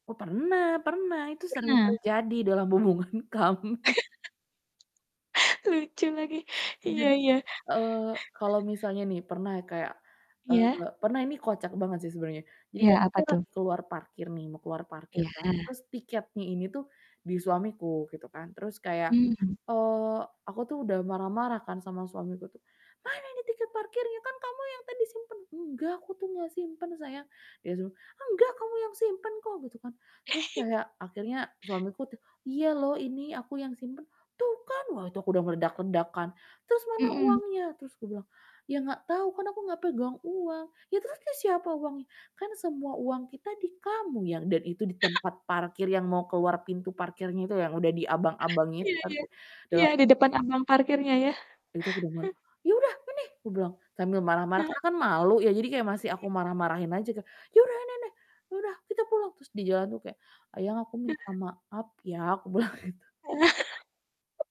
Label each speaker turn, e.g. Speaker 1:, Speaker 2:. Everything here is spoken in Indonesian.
Speaker 1: Oh, pernah pernah. Itu
Speaker 2: Oh
Speaker 1: sering
Speaker 2: pernah.
Speaker 1: terjadi dalam hubungan kami.
Speaker 2: Lucu lagi. Iya
Speaker 1: Jadi,
Speaker 2: iya.
Speaker 1: eee, kalau misalnya nih pernah kayak,
Speaker 2: Iya.
Speaker 1: eee, pernah ini kocak banget sih sebenernya. Jadi
Speaker 2: Iya.
Speaker 1: kan
Speaker 2: Apa
Speaker 1: kita
Speaker 2: tuh?
Speaker 1: lagi ke luar parkir nih mau keluar parkir kan,
Speaker 2: Iya.
Speaker 1: terus tiketnya ini tuh di suamiku gitu kan, terus kayak,
Speaker 2: Mmm.
Speaker 1: eee, aku tuh udah marah-marah kan sama suamiku tuh, "Mana ini tiket parkirnya kan kamu yang tadi simpan?" "Enggak. Aku tuh enggak simpen sayang." Dia langsung, "Enggak. Kamu yang simpan kok!" Gitu kan. Terus kayak akhirnya suamiku tuh, "Iya loh ini aku yang simpen." "Tuh kan!" Wah, itu aku udah meledak-ledak kan, "Terus mana
Speaker 2: Mhm.
Speaker 1: uangnya?" Terus aku bilang, "Iya enggak tau, kan aku gak pegang uang." "Iya terus ke siapa uangnya?" "Kan semua uang kita di kamu, Yang." Dan itu di tempat parkir yang mau ke luar pintu parkirnya itu yang udah di abang-abangnya itu
Speaker 2: Iya
Speaker 1: kan.
Speaker 2: iya. Iya di depan
Speaker 1: [unintelligible]
Speaker 2: abang parkirnya ya.
Speaker 1: Itu aku udah mul "Iya udah ini!" kubilang. Sambil marah-marah
Speaker 2: He
Speaker 1: karena kan malu ya, jadi kayak masih aku
Speaker 2: Iya.
Speaker 1: marah-marahin aja tuh, "Iya udah ini nih. Ya udah kita pulang!" Terus di jalan tuh kayak, "Ayang aku
Speaker 2: Heeh.
Speaker 1: minta maaf ya." Aku bilang gitu.